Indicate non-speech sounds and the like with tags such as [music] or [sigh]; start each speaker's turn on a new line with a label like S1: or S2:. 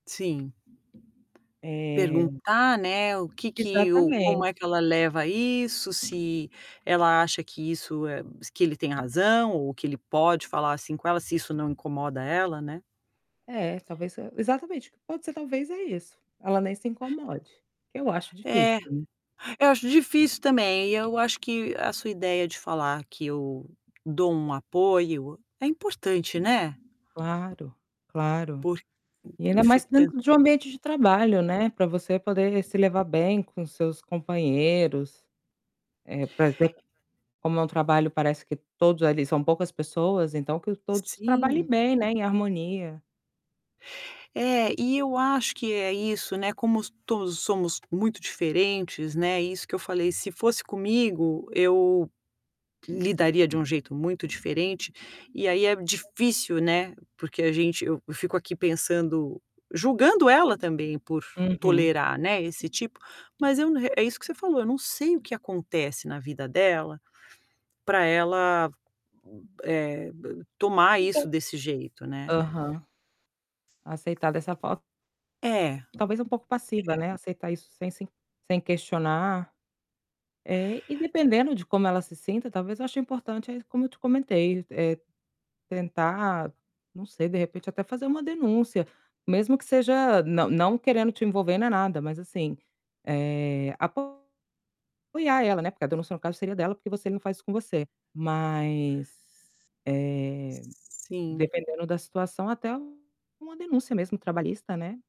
S1: Sim.
S2: Eh
S1: Perguntar, né, o que que ou como
S2: Exatamente.
S1: é que ela leva isso, se ela acha que isso é que ele tenha razão ou que ele pode falar assim com ela, se isso não incomoda ela, né.
S2: É, talvez se exatamente, pode ser, talvez é isso, ela nem se incomode, que eu acho difícil,
S1: É,
S2: né.
S1: eu acho difícil também. Eu acho que a sua ideia de falar que eu dou um apoio, é importante, né?
S2: Claro, claro.
S1: Porq
S2: E
S1: eu
S2: ainda mais
S1: fico pens
S2: dentro de um ambiente de trabalho, né, pra você poder se levar bem com seus companheiros, eh, por exemplo, como é um trabalho parece que todos ali são poucas pessoas, então que o
S1: Si
S2: todos
S1: sim
S2: trabalhem bem, né, em harmonia.
S1: É, e eu acho que é isso, né, como s todos somos muito diferentes, né, isso que eu falei, se fosse comigo eu lidaria de um jeito muito diferente. E aí é difícil, né, porque a gente eu fico aqui pensando julgando ela também por
S2: Uhum.
S1: tolerar, né, esse tipo, mas eu n é isso que você falou, eu não sei o que acontece na vida dela pra ela, eh, ba tomar isso
S2: [unintelligible]
S1: desse jeito, né.
S2: aham. Aceitar dessa forma
S1: É.
S2: talvez um pouco passiva, né. Aceitar isso sem se sem questionar. É, e dependendo de como ela se sinta, talvez eu ache importante aí como eu te comentei, é tentar não sei, de repente até fazer uma denúncia, mesmo que seja não não querendo te envolver nem nada, mas, assim, eh, apoiar ela, né, porque a denúncia no caso seria dela, porque você não faz isso com você. Mas, eh,
S1: Sim.
S2: dependendo da situação, até uma denúncia mesmo trabalhista, né.